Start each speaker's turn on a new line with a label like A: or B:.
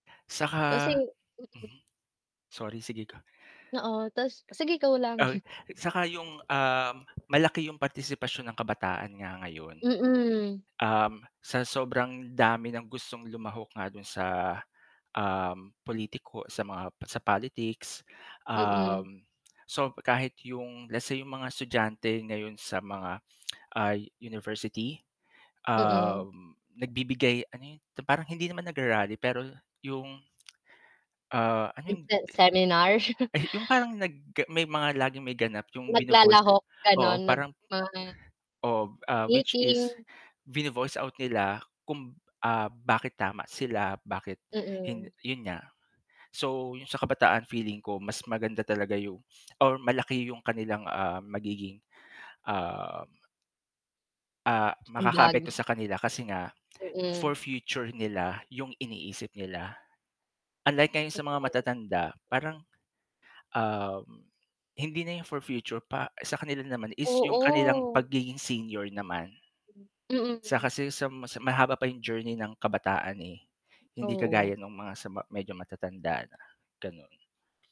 A: Kasi
B: Saka
A: mm.
B: mhm, sorry, sige go.
A: Oo, tas sige, go lang.
B: Ay, saka yung, um, malaki yung partisipasyon ng kabataan nga ngayon.
A: Mm.
B: Um, sa sobrang dami ng gustong lumahok nga dun sa, um, politiko sa mga sa politics,
A: Mm.
B: um, so kahit yung let's say yung mga estudyante ngayon sa mga ay university,
A: Mm.
B: um, nagbibigay ano yun? Parang hindi naman nag-ra-rally, pero yung Ah, ano yung
A: Nagse seminar.
B: Ayu yung parang nag may mga laging may ganap yung vino-voice
A: Naglalahok, ganon
B: oo parang
A: nagma
B: Oh, ah, which is
A: Meeting.
B: vino-voice out nila kung, ah, bakit tama sila, bakit hin
A: Mm.
B: yun nga. So, yung sa kabataan feeling ko mas maganda talaga yung or malaki yung kanilang, ah, magiging, ah ah,
A: Ambag.
B: makakaapekto sa kanila kasi nga for
A: Mm.
B: future nila yung iniisip nila. Unlike ngayon sa mga
A: Totoo.
B: matatanda, parang, um, hindi na yung for future pa sa kanila naman is yung kanilang
A: Oo.
B: pagiging senior naman. Sa
A: Mm.
B: kasi sa mas mahaba pa yung journey ng kabataan eh, hindi
A: Oo.
B: kagaya nung mga sa ma medyo matatanda na, ganon.